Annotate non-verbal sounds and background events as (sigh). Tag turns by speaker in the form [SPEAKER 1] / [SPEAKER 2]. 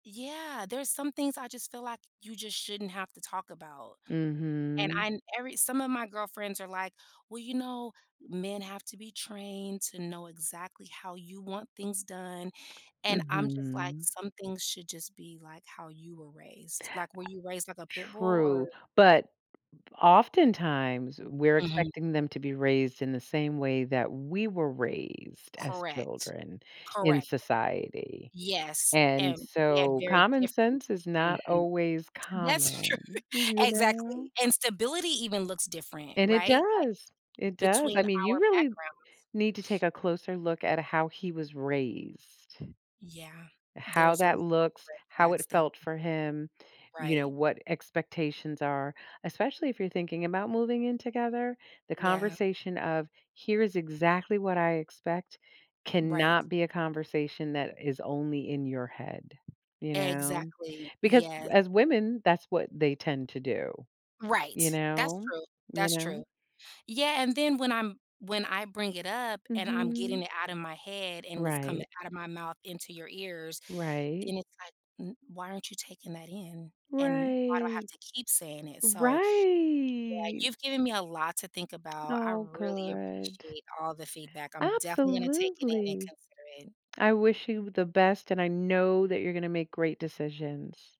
[SPEAKER 1] Yeah, there's some things I just feel, like, you just shouldn't have to talk about, and
[SPEAKER 2] Mhm.
[SPEAKER 1] I every some of my girlfriends are, like, "Well, you know, men have to be trained to know exactly how you want things done." and I'm, just like,
[SPEAKER 2] Mhm.
[SPEAKER 1] "Some things should just be, like, how you were raised, like, were
[SPEAKER 2] I
[SPEAKER 1] you raised like a pit bull
[SPEAKER 2] true,
[SPEAKER 1] or"
[SPEAKER 2] but, oftentimes, we're
[SPEAKER 1] Mhm.
[SPEAKER 2] expecting them to be raised in the same way that we were raised as
[SPEAKER 1] Correct,
[SPEAKER 2] children in
[SPEAKER 1] correct,
[SPEAKER 2] society,
[SPEAKER 1] yes,
[SPEAKER 2] and,
[SPEAKER 1] and we had
[SPEAKER 2] so
[SPEAKER 1] very
[SPEAKER 2] common
[SPEAKER 1] different
[SPEAKER 2] sense is not
[SPEAKER 1] mhm,
[SPEAKER 2] always
[SPEAKER 1] that's true,
[SPEAKER 2] common, you know.
[SPEAKER 1] exactly, and stability even looks different,
[SPEAKER 2] And it
[SPEAKER 1] right, like,
[SPEAKER 2] does, it does I
[SPEAKER 1] between
[SPEAKER 2] mean, you
[SPEAKER 1] our
[SPEAKER 2] really
[SPEAKER 1] backgrounds.
[SPEAKER 2] need to take
[SPEAKER 1] (sniffs)
[SPEAKER 2] a closer look at how he was raised.
[SPEAKER 1] Yeah,
[SPEAKER 2] How
[SPEAKER 1] there's a lot
[SPEAKER 2] that
[SPEAKER 1] of
[SPEAKER 2] looks,
[SPEAKER 1] red
[SPEAKER 2] how
[SPEAKER 1] flags
[SPEAKER 2] it
[SPEAKER 1] there.
[SPEAKER 2] felt for him, you know,
[SPEAKER 1] Right.
[SPEAKER 2] what expectations are especially if you're thinking about moving in together, the
[SPEAKER 1] Yeah.
[SPEAKER 2] conversation of, "Here is exactly what I expect,"
[SPEAKER 1] Right.
[SPEAKER 2] cannot be a conversation that is only in your head, you know,
[SPEAKER 1] Exactly,
[SPEAKER 2] because
[SPEAKER 1] yeah.
[SPEAKER 2] as women, that's what they tend to do, you
[SPEAKER 1] Right, that's
[SPEAKER 2] know,
[SPEAKER 1] true,
[SPEAKER 2] you
[SPEAKER 1] that's
[SPEAKER 2] know?
[SPEAKER 1] true, yeah, and then when I'm when I bring it up and I'm getting
[SPEAKER 2] Mhm.
[SPEAKER 1] it out of my head, and it's coming
[SPEAKER 2] Right.
[SPEAKER 1] out of my mouth into your ears,
[SPEAKER 2] Right.
[SPEAKER 1] then it's, like, "Mm, why aren't you taking that in, and why do I have
[SPEAKER 2] Right,
[SPEAKER 1] to keep saying it?" so yeah,
[SPEAKER 2] right.
[SPEAKER 1] you've given me a lot to think about, I
[SPEAKER 2] Oh,
[SPEAKER 1] really
[SPEAKER 2] good.
[SPEAKER 1] appreciate all the feedback, I'm definitely gonna take it in and
[SPEAKER 2] Absolutely,
[SPEAKER 1] consider it.
[SPEAKER 2] I wish you the best, and I know that you're gonna make great decisions.